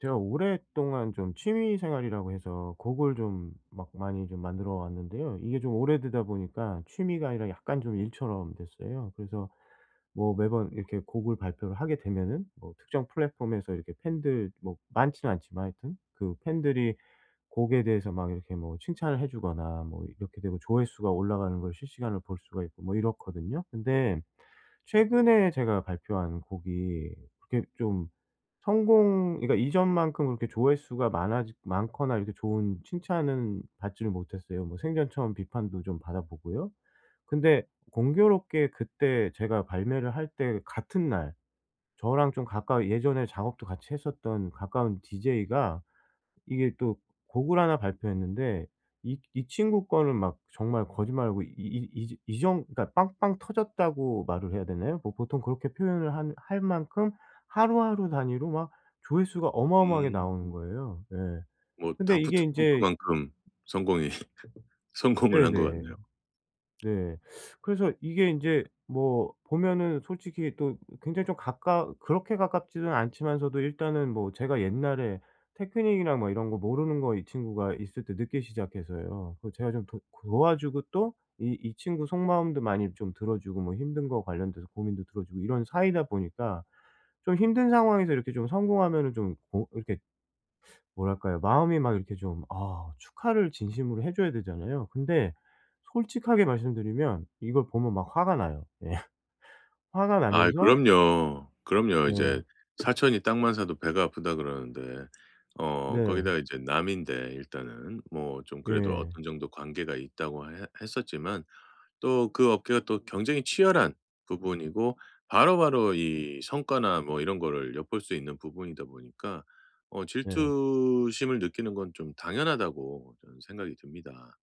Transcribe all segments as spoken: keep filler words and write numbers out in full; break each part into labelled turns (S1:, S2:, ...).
S1: 제가 오랫동안 좀 취미 생활이라고 해서 곡을 좀 막 많이 좀 만들어 왔는데요. 이게 좀 오래되다 보니까 취미가 아니라 약간 좀 일처럼 됐어요. 그래서 뭐 매번 이렇게 곡을 발표를 하게 되면은 뭐 특정 플랫폼에서 이렇게 팬들 뭐 많지는 않지만 하여튼 그 팬들이 곡에 대해서 막 이렇게 뭐 칭찬을 해주거나 뭐 이렇게 되고 조회수가 올라가는 걸 실시간으로 볼 수가 있고 뭐 이렇거든요. 근데 최근에 제가 발표한 곡이 그게 좀 성공 그러니까 이전만큼 그렇게 조회수가 많아지 많거나 이렇게 좋은 칭찬은 받지를 못했어요. 뭐 생전 처음 비판도 좀 받아보고요. 근데 공교롭게 그때 제가 발매를 할 때 같은 날 저랑 좀 가까이 예전에 작업도 같이 했었던 가까운 디제이가 이게 또 곡을 하나 발표했는데 이 이 친구 거는 막 정말 거짓말 안 하고 이 이 지 이 정 그러니까 빵빵 터졌다고 말을 해야 되나요? 뭐 보통 그렇게 표현을 한 할 만큼 하루하루 단위로 막 조회수가 어마어마하게 나오는
S2: 음.
S1: 거예요. 예.
S2: 뭐
S1: 근데 이게
S2: 다프트
S1: 인제
S2: 펑크만큼 성공이 성공을 한 것
S1: 네네.
S2: 같네요.
S1: 네. 그래서 이게 인제 뭐 보면은 솔직히 또 굉장히 좀 가까 그렇게 가깝지는 않지만서도 일단은 뭐 제가 옛날에 테크닉이나 뭐 이런 거 모르는 거 이 친구가 있을 때 늦게 시작해서요 그거 제가 좀 도 도와주고 또 이 이 친구 속마음도 많이 좀 들어주고 뭐 힘든 거 관련돼서 고민도 들어주고 이런 사이다 보니까 좀 힘든 상황에서 이렇게 좀 성공하면은 좀 어 이렇게 뭐랄까요? 마음이 막 이렇게 좀 아 축하를 진심으로 해 줘야 되잖아요? 근데 솔직하게 말씀드리면 이걸 보면 막 화가 나요. 예. 화가
S2: 아이
S1: 나면서
S2: 그럼요. 그럼요. 이제
S1: 네.
S2: "사촌이 땅만 사도 배가 아프다." 그러는데 어
S1: 네.
S2: 거기다가 이제 남인데 일단은. 뭐 좀 그래도
S1: 예.
S2: 어느 정도 관계가 있다고 해 했었지만 또 그 업계가 또 경쟁이 치열한 부분이고 바로바로 이 성과나 뭐 이런 거를 엿볼 수 있는 부분이다 보니까 어
S1: 네.
S2: 질투심을 느끼는 건 좀 당연하다고 저는 생각이 듭니다.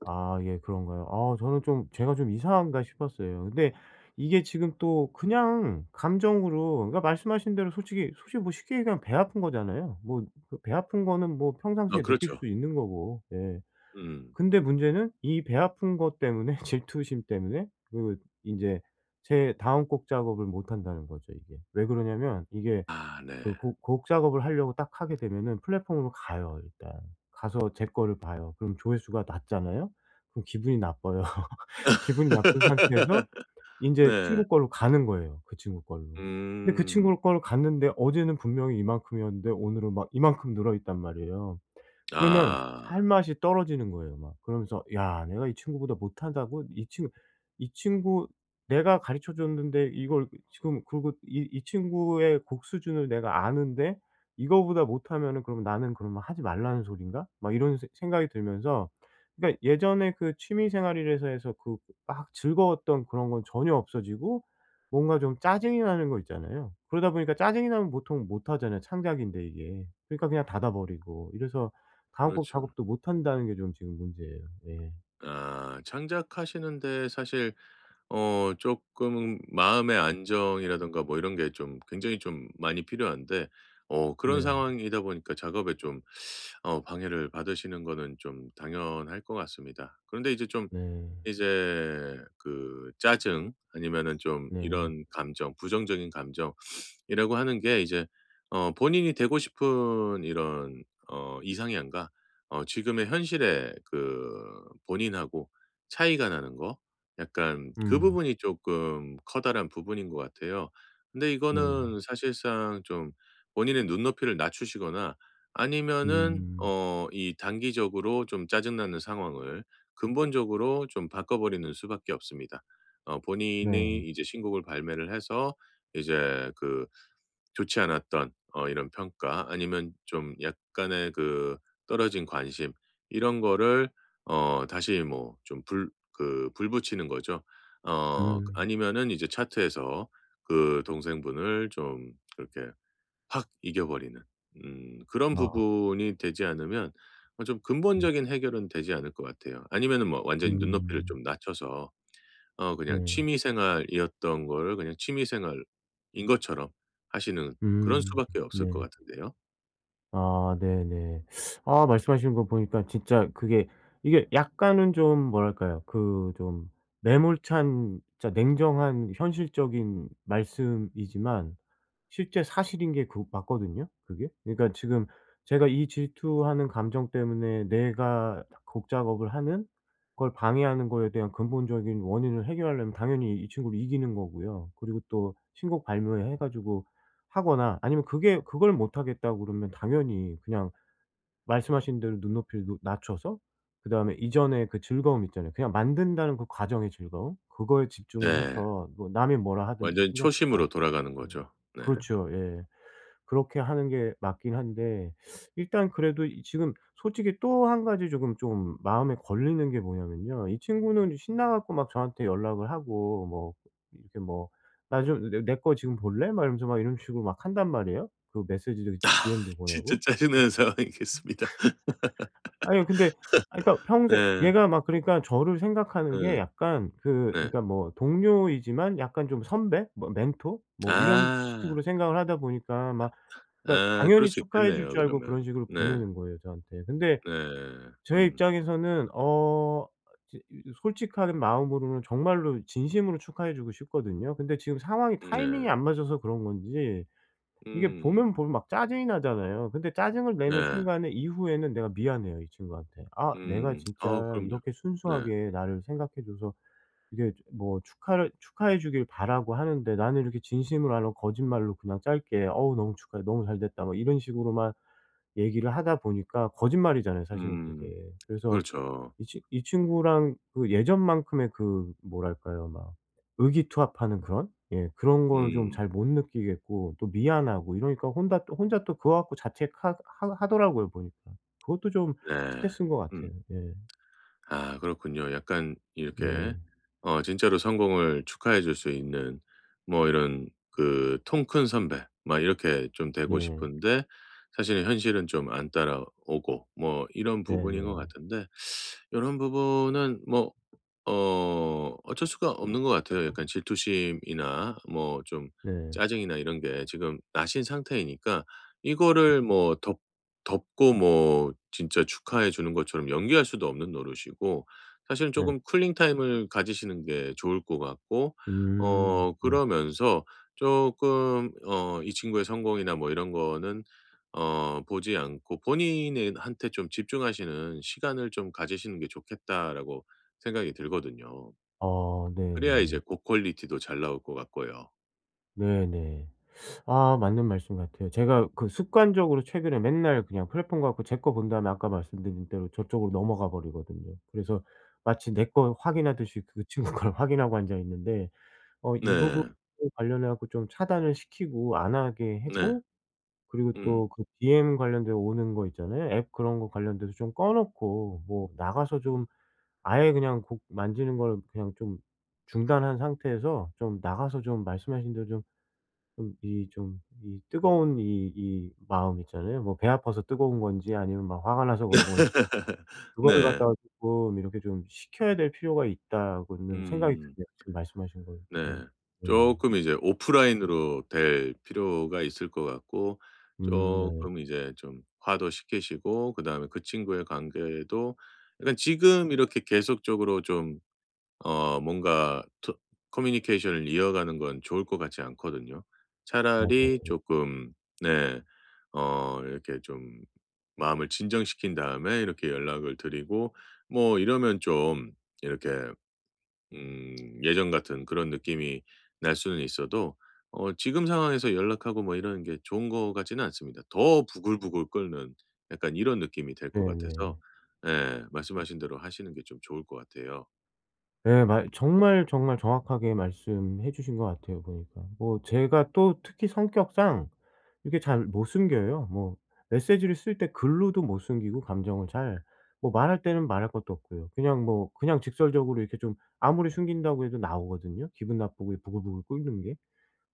S1: 아 예. 그런가요? 아 저는 좀 제가 좀 이상한가 싶었어요. 근데 이게 지금 또 그냥 감정으로 그러니까 말씀하신 대로 솔직히 솔직히 뭐 쉽게 얘기하면 배 아픈 거잖아요? 뭐 그 배 아픈 거는 뭐
S2: 어
S1: 평상시에 느낄
S2: 그렇죠.
S1: 수도 있는 거고 예.
S2: 음.
S1: 근데 문제는 이 배 아픈 것 때문에 질투심 때문에 그 인제 제 다음 곡 작업을 못 한다는 거죠 이게. 왜 그러냐하면 이게
S2: 아 네.
S1: 그 곡 곡 작업을 하려고 딱 하게 되면은 플랫폼으로 가요 일단. 가서 제 거를 봐요. 그럼 조회수가 낮잖아요. 그럼 기분이 나빠요. 기분이 나쁜 상태에서 인제
S2: 네.
S1: 친구 걸로 가는 거예요 그 친구 걸로. 근데 그
S2: 음.
S1: 친구 거를 갔는데 어제는 분명히 이만큼이었는데 오늘은 막 이만큼 늘어 있단 말이에요. 그러면 할
S2: 아.
S1: 맛이 떨어지는 거예요 막. 그러면서 '야 내가 이 친구보다 못하다고? 이 친 이 친구 내가 가르쳐 줬는데 이걸 지금 그리고 이 이 친구의 곡 수준을 내가 아는데 이거보다 못하면은 그럼 나는 그러면 하지 말라는 소리인가?' 막 이런 생 생각이 들면서 그러니까 예전에 그 취미 생활이라고 해서 그 막 즐거웠던 그런 건 전혀 없어지고 뭔가 좀 짜증이 나는 거 있잖아요. 그러다 보니까 짜증이 나면 보통 못 하잖아요 창작인데 이게. 그러니까 그냥 닫아 버리고 이래서 다음 곡
S2: 그렇죠.
S1: 작업도 못 한다는 게 좀 지금 문제예요. 예.
S2: 아. 창작하시는 데 사실 어 쪼끔 마음의 안정이라든가 뭐 이런 게 좀 굉장히 좀 많이 필요한데. 어 그런
S1: 네.
S2: 상황이다 보니까 작업에 좀 어 방해를 받으시는 거는 좀 당연할 것 같습니다. 그런데 이제 좀
S1: 네.
S2: 이제 그 짜증 아니면은 좀
S1: 네.
S2: 이런 감정 부정적인 감정 이라고 하는 게 이제 어 본인이 되고 싶은 이런 어 이상향과 어 지금의 현실의 그 본인하고 차이가 나는 거 약간 그
S1: 음.
S2: 부분이 쪼끔 커다란 부분인 것 같아요. 근데
S1: 네.
S2: 이거는 사실상 좀 본인의 눈높이를 낮추시거나 아니면은
S1: 음.
S2: 어 이 단기적으로 좀 짜증 나는 상황을 근본적으로 좀 바꿔 버리는 수밖에 없습니다. 어 본인이
S1: 네.
S2: 이제 신곡을 발매를 해서 이제 그 좋지 않았던 어 이런 평가 아니면 좀 약간의 그 떨어진 관심 이런 거를 어 다시 뭐 좀 불 그 불 붙이는 거죠. 어 그
S1: 음.
S2: 아니면은 이제 차트에서 그 동생분을 좀 그렇게 확 이겨 버리는 음 그런
S1: 아.
S2: 부분이 되지 않으면 어 좀
S1: 음.
S2: 근본적인 해결은 되지 않을 것 같아요. 아니면은 뭐 완전히 눈높이를
S1: 음.
S2: 좀 낮춰서 어 그냥
S1: 네.
S2: 취미 생활이었던 거를 그냥 취미 생활인 것처럼 하시는 그런
S1: 음.
S2: 수밖에 없을 것
S1: 네.
S2: 같은데요.
S1: 아 네네. 아 말씀하시는 거 보니까 진짜 그게 이게 약간은 좀 뭐랄까요? 그 좀 매몰찬 진짜 냉정한 현실적인 말씀이지만 실제 사실인 게 그 맞거든요, 그게. 그니까 지금 제가 이 질투하는 감정 때문에 내가 곡 작업을 하는 걸 방해하는 거에 대한 근본적인 원인을 해결하려면 당연히 이 친구를 이기는 거고요. 그리고 또 신곡 발매해 가지고 하거나 아니면 그게 그걸 못하겠다고 그러면 당연히 그냥 말씀하신 대로 눈높이를 높 낮춰서 그다음에 이전의 그 즐거움 있잖아요. 그냥 만든다는 그 과정의 즐거움, 그거에 집중을
S2: 네.
S1: 해서 뭐 남이 뭐라 하든지
S2: 완전히
S1: 신경 쓰지 않고
S2: 초심으로 돌아가는
S1: 네.
S2: 거죠. 네.
S1: 그렇죠. 예. 그렇게 하는 게 맞긴 한데 일단 그래도 이 지금 솔직히 또 한 가지 쪼금 좀 마음에 걸리는 게 뭐냐면요. 이 친구는 신나 갖고 막 저한테 연락을 하고 뭐 이렇게 뭐 나 좀 내 "내 거 지금 볼래?" 막 이러면서 막 이런 식으로 막 한단 말이에요. 그 메시지도
S2: 아
S1: DM도
S2: 진짜
S1: 보내고.
S2: 짜증나는 상황이겠습니다.
S1: 아니요. 근데 아 그니까 평생
S2: 네.
S1: 얘가 막 그러니까 저를 생각하는 게
S2: 응.
S1: 약간 그
S2: 네.
S1: 그러니까 뭐 동료이지만 약간 좀 선배, 뭐 멘토 뭐 이런
S2: 아.
S1: 식으로 생각을 하다 보니까 막 그니까
S2: 아 그럴
S1: 당연히
S2: 수
S1: 축하해 줄
S2: 있겠네요,
S1: 줄 알고
S2: 그러면.
S1: 그런 식으로
S2: 네.
S1: 보내는 거예요, 저한테. 근데
S2: 네.
S1: 제
S2: 음.
S1: 입장에서는 어 제 이 저 솔직한 마음으로는 정말로 진심으로 축하해 주고 싶거든요. 근데 지금 상황이
S2: 음.
S1: 타이밍이
S2: 네.
S1: 안 맞아서 그런 건지 이게
S2: 음.
S1: 보면 보면 막 짜증이 나잖아요. 근데 짜증을 내는
S2: 예.
S1: 순간에 이후에는 내가 미안해요, 이 친구한테. 아 내가
S2: 음. 아
S1: 진짜
S2: 그럼요.
S1: 이렇게
S2: 네.
S1: 순수하게 나를 생각해 줘서 이게 뭐 축하를 축하해 주길 바라고 하는데 나는 이렇게 진심으로 안 하고 거짓말로 그냥 짧게 "어우 너무 축하해. 너무 잘 됐다." 뭐 이런 식으로만 얘기를 하다 보니까 거짓말이잖아요, 사실은
S2: 음.
S1: 그게. 그래서
S2: 그렇죠.
S1: 이 친 이 친구랑 그 예전만큼의 그 뭐랄까요? 막 의기투합하는 그런? 예 그런 거를 좀
S2: 음.
S1: 잘 못 느끼겠고 또 미안하고 이러니까 혼다 또 혼자 또 그거 갖고 자책하 하 하더라고요, 보니까. 그것도 좀
S2: 네.
S1: 스트레스인 거
S2: 음.
S1: 같아요. 예.
S2: 아 그렇군요. 약간
S1: 네.
S2: 이렇게 어 진짜로 성공을 축하해 줄 수 있는 뭐 이런 그 통 큰 선배 막 이렇게 좀 되고
S1: 네.
S2: 싶은데 사실은 현실은 좀 안 따라오고 뭐 이런 부분인 것
S1: 네네.
S2: 같은데 요런 부분은 뭐 어 어쩔 수가 없는 것 같아요. 약간 질투심이나 뭐 좀
S1: 네.
S2: 짜증이나 이런 게 지금 나신 상태이니까 이거를 뭐 덮 덮고 뭐 진짜 축하해 주는 것처럼 연기할 수도 없는 노릇이고 사실은
S1: 네.
S2: 쪼금 쿨링 타임을 가지시는 게 좋을 것 같고
S1: 음
S2: 어
S1: 네네.
S2: 그러면서 쪼금 어 이 친구의 성공이나 뭐 이런 거는 어 보지 않고 본인에 한테 좀 집중하시는 시간을 좀 가지시는 게 좋겠다라고 생각이 들거든요.
S1: 어
S2: 그래야 이제
S1: 네네.
S2: 곡 퀄리티도 잘 나올 것 같고요.
S1: 네네. 아 맞는 말씀 같아요. 제가 그 습관적으로 최근에 맨날 그냥 플랫폼 가 갖고 제 거 본 다음에 아까 말씀드린 대로 저쪽으로 넘어가 버리거든요. 그래서 마치 내 거 확인하듯이 그 친구 걸 확인하고 앉아 있는데 어 이 부분에
S2: 네.
S1: 관련해 갖고 좀 차단을 시키고 안 하게
S2: 네.
S1: 하고 그리고
S2: 음.
S1: 또 그 DM 관련돼 오는 거 있잖아요. 앱 그런 거 관련돼서 좀 꺼 놓고 뭐 나가서 좀 아예 그냥 곡 만지는 걸 그냥 좀 중단한 상태에서 좀 나가서 좀 말씀하신 대로 좀 좀 이 좀 이 뜨거운 이 이 마음 있잖아요. 뭐 배 아파서 뜨거운 건지 아니면 막 화가 나서 그런 건지 그거를
S2: 네.
S1: 갖다가 쪼끔 이렇게 좀 식혀야 될 필요가 있다고는 생각이
S2: 음.
S1: 드네요, 지금 말씀하신 것들이.
S2: 네.
S1: 예.
S2: 쪼끔 이제 오프라인으로 될 필요가 있을 것 같고
S1: 음. 네.
S2: 쪼끔 이제 좀 화도 식히시고 그다음에 그 친구의 관계도 그러니까 지금 이렇게 계속적으로 좀 어 뭔가 토 커뮤니케이션을 이어가는 건 좋을 것 같지 않거든요?
S1: 맞아요.
S2: 차라리
S1: 예.
S2: 쪼끔 네 어 이렇게 좀 마음을 진정시킨 다음에 이렇게 연락을 드리고 뭐 이러면 좀 이렇게 음 예전 같은 그런 느낌이 날 수는 있어도 어 지금 상황에서 연락하고 뭐 이러는 게 좋은 것 같지는 않습니다. 더 부글부글 끓는 약간 이런 느낌이 될 것 같아서
S1: 네네.
S2: 예 말씀 하신 대로 하시는 게 좀 좋을 것 같아요.
S1: 네 말 정말, 정말 정확하게 말씀해 주신 것 같아요 보니까. 뭐 제가 또 특히 성격상 이렇게 잘 못 숨겨요. 뭐 메시지를 쓸 때 글로도 못 숨기고 감정을 잘. 뭐 말할 때는 말할 것도 없고요. 그냥 뭐 그냥 직설적으로 이렇게 좀 아무리 숨긴다고 해도 나오거든요 기분 나쁘고 부글부글 끓는 게.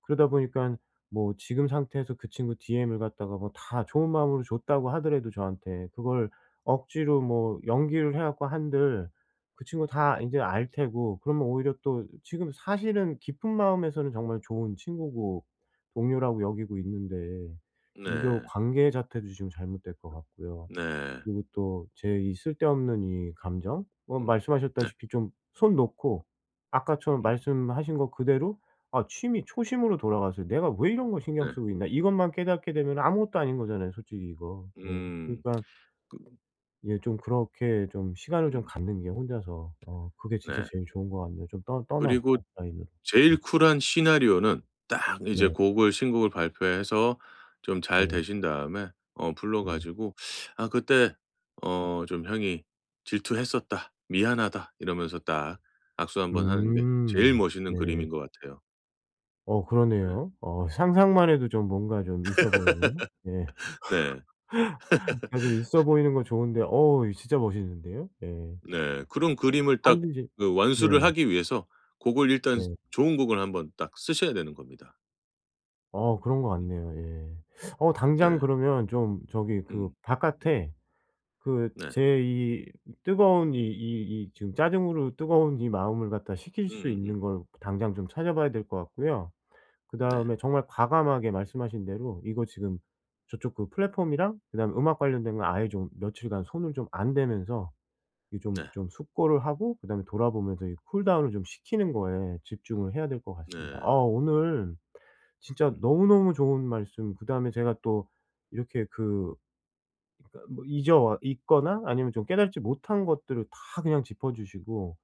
S1: 그러다 보니까는 뭐 지금 상태에서 그 친구 DM을 갖다가 뭐 다 좋은 마음으로 줬다고 하더라도 저한테 그걸 억지로 뭐 연기를 해 갖고 한들 그 친구가 다 인제 알 테고 그러면 오히려 또 지금 사실은 깊은 마음에서는 정말 좋은 친구고 동료라고 여기고 있는데 이거
S2: 네.
S1: 관계 자체도 지금 잘못될 것 같고요.
S2: 네.
S1: 그리고 또 제 이 쓸데없는 이 감정 뭐
S2: 음. 네.
S1: 말씀하셨다시피 좀 손 놓고 아까처럼
S2: 음.
S1: 말씀하신 거 그대로 아 취미 초심으로 돌아가서 '내가 왜 이런 거 신경
S2: 네.
S1: 쓰고 있나?' 이것만 깨닫게 되면은 아무것도 아닌 거잖아요 솔직히 이거. 예.
S2: 음.
S1: 그러니까
S2: 그
S1: 예 좀 그렇게 좀 시간을 좀
S2: 음.
S1: 갖는 게 혼자서 어 그게 진짜
S2: 네.
S1: 제일 좋은 것 같네요. 좀 떠 떠나서
S2: 그리고
S1: 오프라인으로.
S2: 제일
S1: 음.
S2: 쿨한 시나리오는 딱 이제
S1: 네.
S2: 곡을 신곡을 발표해서 좀 잘
S1: 네.
S2: 되신 다음에 어 불러
S1: 네.
S2: 가지고 "아 그때 어 좀 형이 질투했었다. 미안하다." 이러면서 딱 악수 한번 하는 게 제일
S1: 음.
S2: 멋있는
S1: 네.
S2: 그림인 것 같아요.
S1: 어
S2: 네.
S1: 그러네요. 어 상상만 해도 좀 뭔가 좀 있어 보이는 예.
S2: 네.
S1: 어떻게 좀 있어 보이는 건 좋은데. 어우 이 진짜 멋있는데요. 예.
S2: 네. 그런 그림을 딱
S1: 하는지
S2: 그
S1: 네.
S2: 완수를 하기 위해서 곡을 일단
S1: 네.
S2: 좋은 곡을 한번 딱 쓰셔야 되는 겁니다.
S1: 어 그런 것
S2: 음.
S1: 같네요. 예. 어 당장
S2: 네.
S1: 그러면 좀 저기 그
S2: 음.
S1: 바깥에 그
S2: 네.
S1: 제 이 뜨거운 이 이 이 지금 짜증으로 뜨거운 이 마음을 갖다 식힐 수
S2: 음음음.
S1: 있는 걸 당장 좀 찾아 봐야 될 것 같고요.
S2: 네.
S1: 그다음에 정말 과감하게 말씀하신 대로 이거 지금 저쪽 그 플랫폼이랑 그다음에 음악 관련된 거 아예 좀 며칠간 손을 좀 안 대면서 이 좀
S2: 네.
S1: 좀 숙고를 하고 그다음에 돌아 보면서 이 쿨 다운을 좀 식히는 거에 집중을 해야 될 것 같습니다. 아
S2: 네.
S1: 오늘 진짜
S2: 음.
S1: 너무너무 좋은 말씀 그다음에 제가 또 이렇게 그 그니까 뭐 잊어 와 있거나 아니면 좀 깨닫지 못한 것들을 다 그냥 짚어 주시고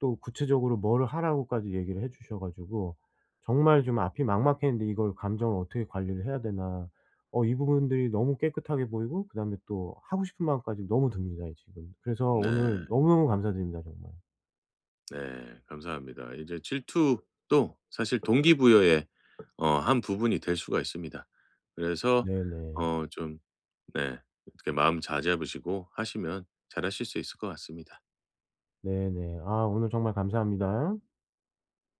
S1: 또 구체적으로 뭘 하라고까지 얘기를 해 주셔 가지고 정말 좀 앞이 막막했는데 이걸 감정을 어떻게 관리를 해야 되나? 어 이 부분들이 너무 깨끗하게 보이고 그다음에 또 하고 싶은 마음까지 너무 듭니다, 지금. 그래서 오늘
S2: 네.
S1: 너무너무 감사드립니다, 정말.
S2: 네. 감사합니다. 이제 질투도 사실 동기부여의 어 한 부분이 될 수가 있습니다. 그래서
S1: 네네.
S2: 어 좀 네 어떻게 마음 잘 잡으시고 하시면 잘 하실 수 있을 것 같습니다.
S1: 네네. 아 오늘 정말 감사합니다.